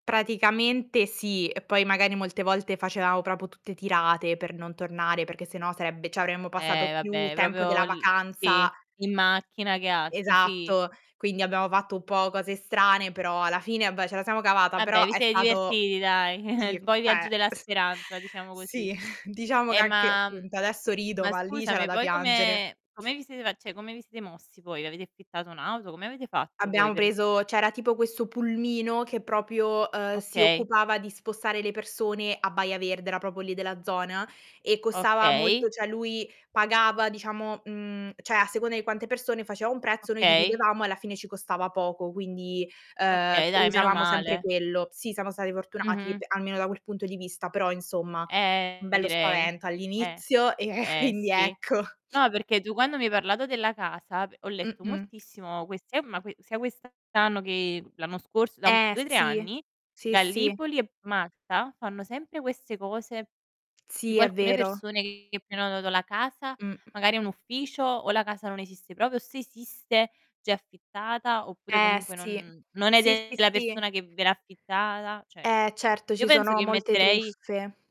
Praticamente sì e poi magari molte volte facevamo proprio tutte tirate per non tornare, perché se no sarebbe cioè avremmo passato Eh più vabbè, tempo proprio della l sì, vacanza in macchina che altro, sì. Esatto, quindi abbiamo fatto un po' cose strane, però alla fine vabbè ce la siamo cavata, Vabbè, però vi è siete stato divertiti dai, sì, un po' i viaggi cioè della speranza, diciamo così. sì, diciamo che Eh anche, ma mhmm, appunto, adesso rido ma ma lì c'era scusami, da poi piangere. come come vi siete cioè come vi siete mossi voi? Avete affittato un'auto? Come avete fatto poi Abbiamo per preso, c'era tipo questo pulmino che proprio, ehm, si Okay. occupava di spostare le persone a Baia Verde, era proprio lì della zona, e costava Okay. molto cioè lui pagava diciamo, mhmm, cioè a seconda di quante persone faceva un prezzo, noi Okay. dividevamo e alla fine ci costava poco quindi, ehm, f Okay dai, meno usavamo sempre male. quello. Sì, siamo stati fortunati Mh-mh. p almeno da quel punto di vista, però insomma, Eh, bello direi. spavento Eh. all'inizio e e Eh, quindi sì. ecco. No, perché tu quando mi hai parlato della casa, p ho letto Mh-mh. moltissimo questi eh ma sia quest'anno che l'anno scorso da Eh, 2, 3 sì. anni, Sì, sì. Gallipoli e Malta, fanno sempre queste cose, Sì, tipo è alcune vero. persone che che prenotano la casa, Mh. magari un ufficio o la casa non esiste proprio, se esiste già è affittata oppure Eh, comunque sì. non non è Sì, sì, della persona sì. che ve l'ha affittata, cioè Eh, certo. io Ci penso sono che molte metterei. truffe.